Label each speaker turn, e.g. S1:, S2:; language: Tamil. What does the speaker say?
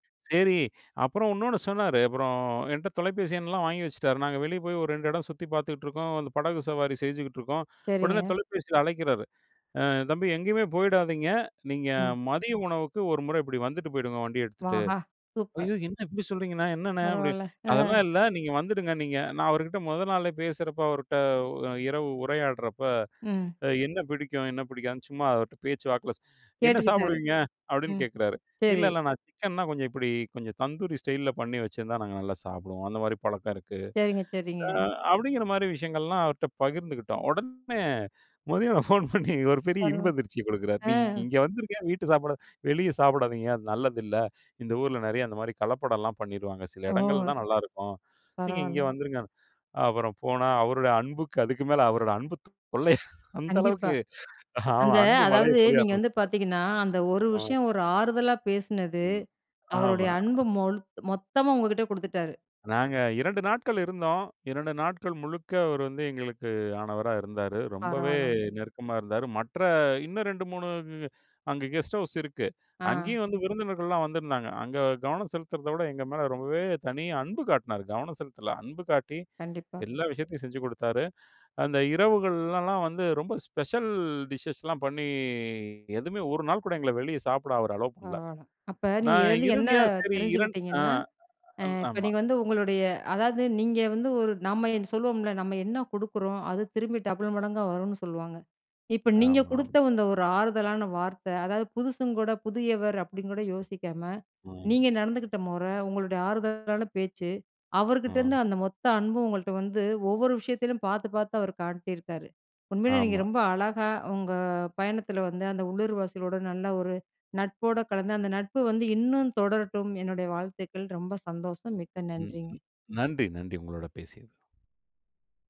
S1: சரி. அப்புறம் இன்னொன்னு சொன்னாரு, அப்புறம் என்ட்ட தொலைபேசி எண்ணெலாம் வாங்கி வச்சுட்டாரு நாங்க வெளியே போய் ஒரு 2 இடம் சுத்தி பார்த்துட்டுருக்கோம் அந்த படகு சவாரி செஞ்சுகிட்டுருக்கோம், உடனே
S2: சரிங்க.
S1: தொலைபேசியில அழைக்கிறாரு, "அ தம்பி எங்கேயுமே போயிடாதீங்க. நீங்க
S2: ம்.
S1: மதிய உணவுக்கு ஒரு முறை இப்டி வந்துட்டு போயிடுங்க வண்டிய எடுத்துட்டு".
S2: ஆஹா! சூப்பர்!
S1: "ஐயோ! என்ன இப்டி சொல்றிங்கண்ணா? என்னண்ணே?" அப்டி
S2: பரவால்ல.
S1: அதெல்லாம்
S2: ஆ.
S1: இல்ல நீங்க வந்துடுங்க நீங்க நான் அவருகிட்ட மொத நாளே பேசுறப்ப அவர்ட்ட இரவு உரையாடுறப்ப
S2: ம்.
S1: என்ன பிடிக்கும்? என்ன பிடிக்காதுன்னு சும்மா அவர்ட்ட பேச்சு வாக்குல "என்ன
S2: கேட்டுக்கிட்டாரு.
S1: சாப்பிடுவீங்க?" அப்டின்னு
S2: ம்.
S1: கேட்குறாரு இல்ல,
S2: சரி.
S1: இல்ல நான் சிக்கன்னா கொஞ்சம் இப்டி கொஞ்சம் தந்தூரி ஸ்டைல்ல பண்ணி வச்சிருந்தா நாங்க நல்லா சாப்பிடுவோம் அந்த மாரி பழக்கம் இருக்கு.
S2: சரிங்க, சரிங்க.
S1: அ அப்டிங்கிற மாரி விஷயங்கள்லாம் அவர்ட்ட பகிர்ந்துக்கிட்டோம். உடனே மதியம் ஃபோன் பண்ணி ஒரு பெரிய
S2: பருவ
S1: இன்பதிர்ச்சிய குடுக்கிறாரு. நீ
S2: அ.
S1: இங்கே வந்துருங்க. வீட்டு சாப்பாடு வெளியே சாப்பிடாதீங்க அது நல்லது இல்ல இந்த ஊருல நெறைய அந்த மாரி கலப்படம்லாம் பண்ணிருவாங்க சில இடங்கள்ல
S2: ஓ!
S1: தான் நல்லாருக்கும் நீங்க இங்கே
S2: பரவால்ல.
S1: வந்துருங்க. அப்புறம் போனா அவருடைய அன்புக்கு அதுக்கு மேல அவரோட அன்பு தொல்ல அந்த
S2: கண்டிப்பா.
S1: அளவுக்கு. அ
S2: அந்த
S1: அன்பு மழைய
S2: அதாவது
S1: பொழிய
S2: நீங்க வந்து
S1: ஆரம்பிச்சுட்டார்.
S2: பார்த்தீங்கன்னா, அந்த ஒரு
S1: அ.
S2: விஷயம் ஒரு ஆறுதலா பேசனது
S1: ம்.
S2: அவருடைய
S1: ஆமா.
S2: அன்பு மொல்த் மொத்தமா உங்ககிட்ட குடுத்துட்டாரு.
S1: நாங்க 2 நாட்கள் இருந்தோம். 2 நாட்கள் முழுக்க அவரு வந்து எங்களுக்கு ஆனவரா இருந்தாரு. ரொம்பவே
S2: பரவாலங்க.
S1: நெருக்கமா இருந்தாரு. மற்ற இன்னும் 2, 3 கு அங்க கெஸ்ட் ஹவுஸ் இருக்கு.
S2: ஆ.
S1: அங்கேயும் வந்து விருந்தினர்கள்லாம் வந்திருந்தாங்க அங்க கவனம் செலுத்துறத விட எங்க மேல ரொம்பவே தனி அன்பு காட்டுனாரு கவனம் செலுத்தல அன்பு காட்டி
S2: கண்டிப்பா.
S1: எல்லா விஷயத்தையும் செஞ்சு குடுத்தாரு. அந்த இரவுகள்லாம் வந்து ரொம்ப ஸ்பெஷல் டிஷ்ஸ் லா பண்ணி எதுவுமே 1 நாள் கூட எங்கள வெளிய சாப்பிட அவரு அலோவ் பண்ணல.
S2: பரவால. அப்ப நீங்க
S1: நான்
S2: இதுலருந்து என்ன
S1: இறுதியா சரி இரண் அ
S2: தெரிஞ்சுக்கிட்டிங்கன்னா, அ இப்ப
S1: ஆமா.
S2: நீங்க வந்து உங்களுடைய அதாவது நீங்க வந்து ஒரு நம்ம என் சொல்லுவோம்ல நம்ம என்ன குடுக்குறோம் அது திரும்பி டபுள் மடங்கா வரும்னு சொல்லுவாங்க. இப்ப நீங்க
S1: ஆமாம்.
S2: குடுத்த இந்த ஒரு ஆறுதலான வார்த்த அதாவது புதுசுங்க கூட புதியவர் அப்டின்னு கூட யோசிக்காம.
S1: ம்.
S2: நீங்க நடந்துக்கிட்ட மொற, உங்களுடைய ஆறுதலான பேச்சு, அவர்கிட்டேருந்து
S1: ம்.
S2: அந்த மொத்த அன்பு உங்கள்ட்ட வந்து ஒவ்வொரு விஷயத்திலும் பார்த்து பார்த்து அவரு காட்டியிருக்காரு. உண்மையிலே நீங்க
S1: ஆமா.
S2: ரொம்ப அழகா உங்க பயணத்தில வந்து அந்த உள்ளூர்வாசிகளோட நல்ல ஒரு நட்போட கலந்து அந்த நட்பு வந்து இன்னும் தொடரட்டும் என்னுடைய வாழ்த்துக்கள். ரொம்ப சந்தோஷம், மிக்க
S1: ம். ம்.
S2: நன்றிங்க!
S1: நன்றி, நன்றி உங்களோட பேசியது.